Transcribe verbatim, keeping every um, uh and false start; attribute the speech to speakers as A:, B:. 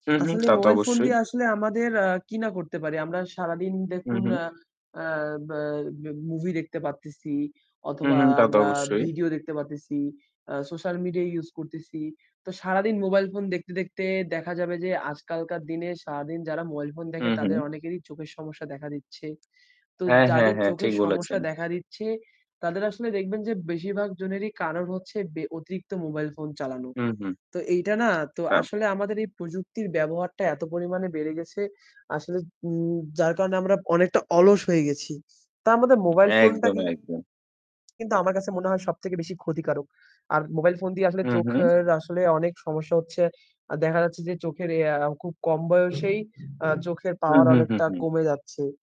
A: উহু।
B: আছলে
A: তা তো
B: মোবাইল ফোন
A: অবশ্যই।
B: দিয়ে আসলে আমাদের আ কি না করতে পারি? আমরা সারাদিন দেখুন,
A: উহু।
B: আ আ বা ম্যা মুভি দেখতে পারতেছি অথবা
A: উহু। তা তো
B: আমরা
A: অবশ্যই।
B: ভিডিও দেখতে পারতেছি, আ সোশ্যাল মিডিয়া ইউজ করতেছি। তো সারাদিন মোবাইল ফোন দেখতে, দেখতে, দেখা যাবে যে আজকালকার দিনে সারাদিন যারা মোবাইল ফোন দেখে তাদের
A: উহু।
B: অনেকেরই চোখের সমস্যা দেখা দিচ্ছে। তো
A: হ্যাঁ, হ্যাঁ,
B: যাদের
A: হ্যাঁ,
B: চোখের
A: ঠিক
B: সমস্যা
A: বলেছেন।
B: দেখা দিচ্ছে। তাদের আসলে দেখবেন যে বেশিরভাগ জনেরই কারণ হচ্ছে বে অতিরিক্ত মোবাইল ফোন চালানো।
A: উহু।
B: তো এইটা না, তো আসলে
A: [unintelligible]
B: আমাদের এই প্রযুক্তির ব্যবহারটা এত পরিমাণে বেড়ে গেছে আসলে, উম যার কারণে আমরা অনেকটা অলস হয়ে গেছি। তার মধ্যে মোবাইল ফোনটা
A: একদম,
B: কি
A: একদম।
B: কিন্তু আমার কাছে মনে হয় সবথেকে বেশি ক্ষতিকারক। আর মোবাইল ফোন দিয়ে আসলে
A: উহু।
B: চোখের আসলে অনেক সমস্যা হচ্ছে। আ দেখা যাচ্ছে যে চোখের এ আ খুব কম বয়সেই আ চোখের
A: হু,
B: পাওয়ার
A: হু, হু,
B: অনেকটা
A: হু।
B: কমে যাচ্ছে।